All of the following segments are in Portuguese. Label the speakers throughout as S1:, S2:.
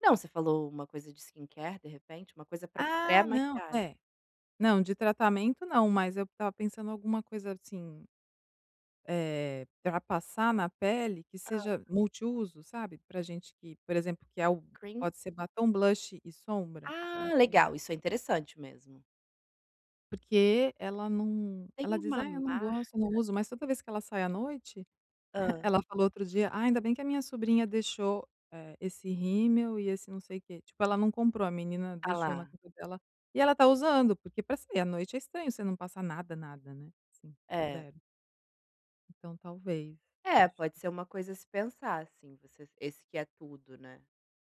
S1: Não, você falou uma coisa de skincare, de repente, uma coisa para
S2: Ah não,
S1: pré-maquiagem.
S2: é. Não, de tratamento não, mas eu estava pensando alguma coisa assim, eh, para passar na pele que
S1: Hā.
S2: seja multiuso, sabe. Para gente que, por exemplo que é algo,
S1: Cream?
S2: pode ser batom, blush e sombra, não
S1: Ah,
S2: sei.
S1: legal isso é interessante mesmo.
S2: Porque ela não, ela
S1: Tem
S2: diz:
S1: uma
S2: "Ai eu não
S1: marca.
S2: gosto, eu não uso", mas toda vez que ela sai à noite,
S1: Hã.
S2: ela falou outro dia: "Ainda bem que a minha sobrinha deixou, eh, esse rímel e esse não sei que, tipo ela não comprou", a menina
S1: Tá
S2: deixou na
S1: lá.
S2: cama dela, e ela está usando porque para sair à noite é estranho você não passar nada nada, né. Assim,
S1: É.
S2: 0. Então talvez,
S1: É,
S2: acho
S1: pode
S2: que
S1: ser uma coisa a se pensar, assim, você esse que é tudo, né.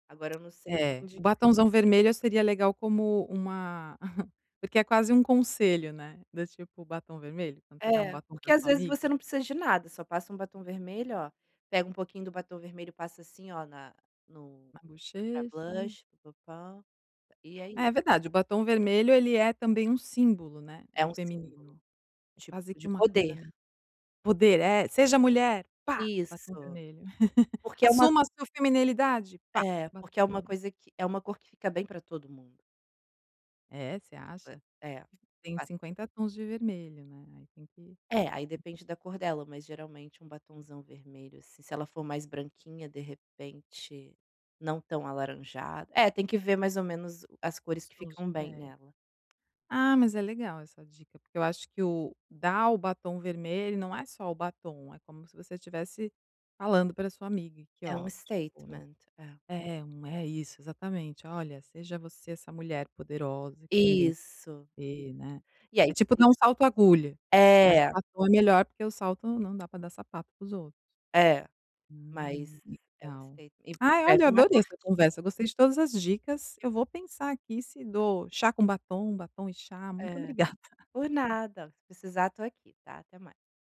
S1: Agora eu não sei
S2: É,
S1: onde.
S2: o batomzão vermelho seria legal como uma porque é quase um conselho, né, do tipo o batom vermelho, quando você dá um
S1: É,
S2: batom
S1: porque
S2: para
S1: às
S2: sua
S1: vezes
S2: amiga?
S1: você não precisa de nada, só passa um batom vermelho olha, pega um pouquinho do batom vermelho e passa assim olha na no,
S2: Na
S1: e já é
S2: bochecha.
S1: blush e é isso.
S2: É verdade, o batom vermelho ele é também um símbolo, né,
S1: É
S2: do
S1: um símbolo,
S2: feminino. É
S1: tipo
S2: quase que
S1: de
S2: uma coisa
S1: poder.
S2: meio. Poder é, seja mulher, pá! Batom
S1: Isso.
S2: vermelho.
S1: Porque é uma
S2: Assuma a sua feminilidade, pá!
S1: é,
S2: Batom
S1: porque é uma
S2: vermelho.
S1: coisa que, é uma cor que fica bem para todo mundo.
S2: É você acha?
S1: É, o
S2: Tem
S1: batom.
S2: 50 tons de vermelho não é, aí tem que
S1: É, aí
S2: ver.
S1: depende da cor dela mas geralmente um batonzão vermelho, assim, se ela for mais branquinha de repente, não tão alaranjada, é tem que ver mais ou menos o as cores
S2: Os
S1: que
S2: tons de
S1: ficam bem
S2: pele,
S1: nela.
S2: ah, mas é legal essa dica porque eu acho que o, dar o batom vermelho não é só o batom, é como se você estivesse falando para sua amiga, aqui
S1: É um
S2: ótimo, né.
S1: statement é.
S2: É não é isso exatamente olha seja você essa mulher poderosa que tem dentro
S1: Isso, isso.
S2: de você, né.
S1: E aí
S2: É tipo
S1: você.
S2: usar um salto agulha, mas o
S1: É.
S2: batom é melhor porque o salto não dá para dar sapato para os outros.
S1: É, mas
S2: Hum, que
S1: é um
S2: legal.
S1: experi mas
S2: Ai olha eu
S1: escreve uma
S2: adorei essa
S1: cartinha.
S2: conversa, gostei de todas as dicas, eu vou pensar aqui se dou chá com batom, batom e chá, muito
S1: É
S2: obrigada.
S1: por nada, se precisar estou aqui, está. Até mais.